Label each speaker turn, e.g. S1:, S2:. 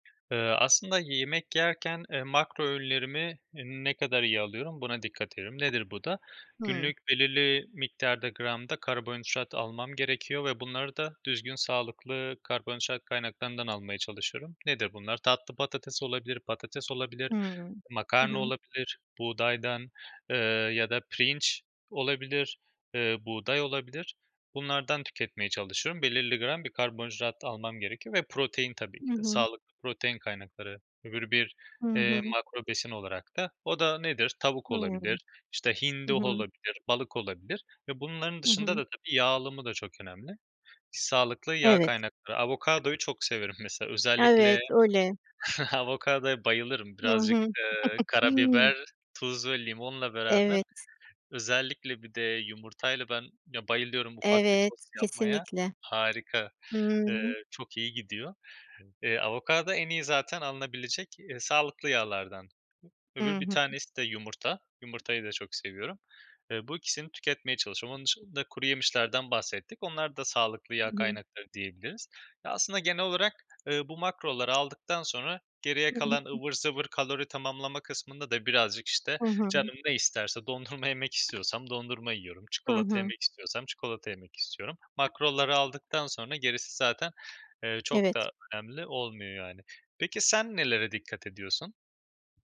S1: Eee, aslında yemek yerken, eee, makro öğünlerimi ne kadar iyi alıyorum buna dikkat ederim. Nedir bu da?
S2: Hı.
S1: Günlük belirli miktarda gramda karbonhidrat almam gerekiyor ve bunları da düzgün, sağlıklı karbonhidrat kaynaklarından almaya çalışıyorum. Nedir bunlar? Tatlı patates olabilir, patates olabilir,
S2: Hımm. Hı
S1: makarna
S2: hı.
S1: olabilir buğdaydan, eee, ya da pirinç olabilir, eee, buğday olabilir. Bunlardan tüketmeye çalışıyorum. Belirli gram bir karbonhidrat almam gerekiyor ve protein tabii ki
S2: Hı
S1: de.
S2: hı.
S1: Sağlıklı protein kaynakları öbür bir,
S2: Hı
S1: eee,
S2: hı.
S1: makro besin olarak da. O da nedir? Tavuk
S2: Hıı.
S1: olabilir, işte,
S2: Hı
S1: hindi
S2: hı.
S1: olabilir, balık olabilir. Ve bunların
S2: Hı
S1: dışında
S2: hı.
S1: da tabii yağ alımı da çok önemli. Sağlıklı yağ
S2: Evet.
S1: kaynakları Avokadoyu çok severim mesela. Özellikle
S2: Evet, öyle.
S1: avokadoya bayılırım.
S2: Hı
S1: Birazcık,
S2: hı.
S1: eee, karabiber, tuz ve limonla beraber
S2: Evet.
S1: özellikle bir de yumurtayla ben, ya, bayılıyorum ufak bir
S2: Evet,
S1: tost yapmaya.
S2: kesinlikle.
S1: Harika.
S2: Hıı.
S1: Eee, çok iyi gidiyor. Eee, avokado en iyi zaten alınabilecek sağlıklı yağlardan.
S2: Hı
S1: Öbür bir
S2: hı.
S1: tanesi de yumurta. Yumurtayı da çok seviyorum. Eee, bu 2'sini tüketmeye çalışıyorum. Onun dışında kuruyemişlerden bahsettik. Onlar da sağlıklı
S2: Hı
S1: yağ
S2: hı.
S1: kaynakları diyebiliriz. Ya, aslında genel olarak, eee, bu makroları aldıktan sonra geriye
S2: Hı hı.
S1: kalan
S2: Hı.
S1: ıvır zıvır kalori tamamlama kısmında da birazcık, işte,
S2: Hı hı.
S1: canım ne isterse. Dondurma yemek istiyorsam dondurma yiyorum,
S2: Hı
S1: çikolata
S2: hı.
S1: yemek istiyorsam çikolata yemek istiyorum. Makroları aldıktan sonra gerisi zaten, eee, çok
S2: Evet.
S1: da önemli olmuyor, yani. Peki sen nelere dikkat ediyorsun?